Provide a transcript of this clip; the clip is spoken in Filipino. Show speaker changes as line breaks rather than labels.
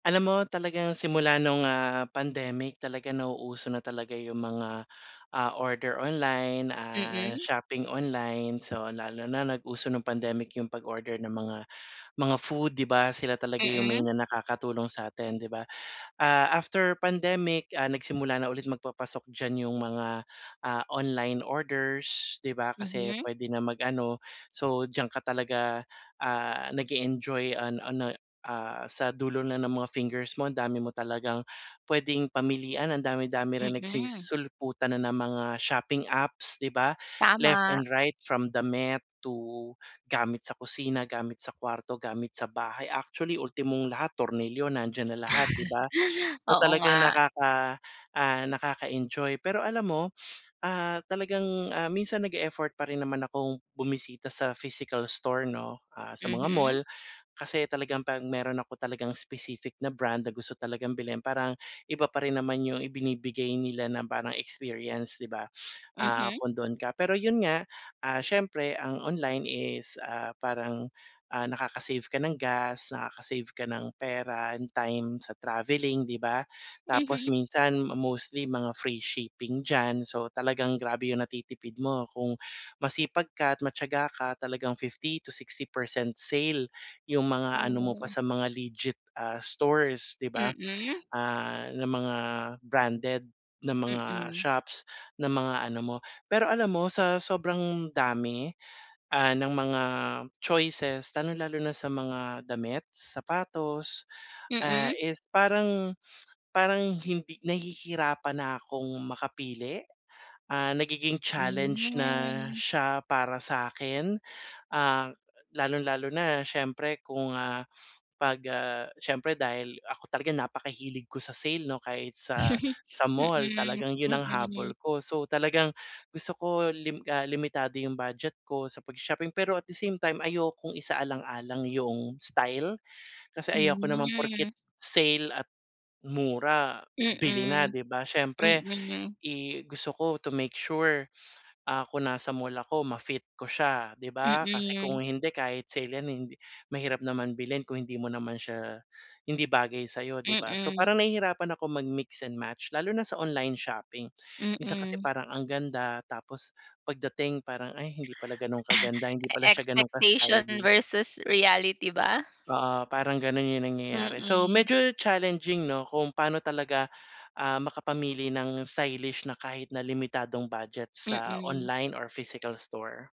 Alam mo talagang simula no'ng, ah, pandemic talagang nauuso na talaga 'yung mga, ah, order online, ah,
Mm.
shopping online, so lalo na nag-uso no'ng pandemic 'yung pag-order ng mga, mga food, di ba, sila talaga 'yung
Mm.
main na nakakatulong sa atin, 'di ba? Ah, after pandemic, ah, nagsimula na ulit magpapasok diyan 'yung mga, ah, online orders, 'di ba, kasi
Mhm.
puwede na mag-ano, so diyan ka talaga, ah, nag-e-enjoy an ano, ah, sa dulo na ng mga fingers mo ang dami mo talagang puwedeng pamilian, ang dami-dami rin
Mm.
nagsisisulputan na ng mga shopping apps 'di ba, left
Tama.
and right from damit to gamit sa kusina, gamit sa kuwarto gamit sa bahay, actually ultimong lahat tornilyo nandiyan na lahat, 'di ba? So
Oo,
talagang
nga.
nakaka ah, nakaka-enjoy pero alam mo, ah, talagang, ah, minsan nag-e-effort pa rin naman akong bumisita sa physical store 'no, ah, sa mga
Mhm.
mall kasi talagang 'pag meron ako talagang specific na brand na gusto talagang bilhin parang iba pa rin naman 'yung ibinibigay nila na parang experience 'di ba, ah,
Mhm.
kung do'n ka. Pero 'yun nga, ah, siyempre ang online is, ah, parang, ah, nakaka-save ka ng gas nakaka-save ka ng pera and time sa travelling 'di ba, tapos
Mhm.
minsan mostly mga free shipping diyan. So talagang grabe 'yung natitipid mo kung masipag ka at matiyaga ka talagang 50 to 60% sale 'yung mga ano mo pa
Hmm.
sa mga legit, ah, stores 'di ba,
Mm.
ah, ng mga branded na mga
Mm.
shops na mga ano mo. Pero alam mo, sa sobrang dami, ah, ng mga choices lalong-lalo na sa mga damit, sapatos, ah,
Mm.
is parang parang hindi nahihirapan na akong makapili, ah, nagiging challenge na
Hmm.
siya para sa'kin, ah, lalong-lalo na siyempre kung, ah, 'pag, ah, siyempre dahil ako talaga napakahilig ko sa sale 'no, kahit sa sa mall
Mm,
talagang 'yun ang habol
mm.
ko. So talagang gusto ko lim ah, limitado 'yung budget ko sa pagsa-shopping pero at the same time ayokong isaalang-alang 'yung style, kasi ayoko naman
Hmm.
porket sale at mura bili na,
Mm,
di ba, siyempre,
mm.
eh, gusto ko to make sure, ah, kung nasa mall ako ma-fit ko siya, 'di ba, kasi
Mm.
kung hindi kahit sale 'yan hindi mahirap naman bilhin kung hindi mo naman siya hindi bagay sa'yo, 'di ba? So,
Mm.
parang nahihirapan ako mag-mix and match lalo na sa online shopping. Minsan kasi
Mm.
parang ang ganda tapos pagdating parang ay hindi pala gano'n kaganda hindi pala siya gano'n
Expectation
ka-stylish.
versus reality ba?
Oo, parang gano'n 'yung nangyayari so
Mm.
medyo challenging 'no kung paano talaga, ah, makapamili ng stylish na kahit na limitadong budget sa
Mm.
online or physical store.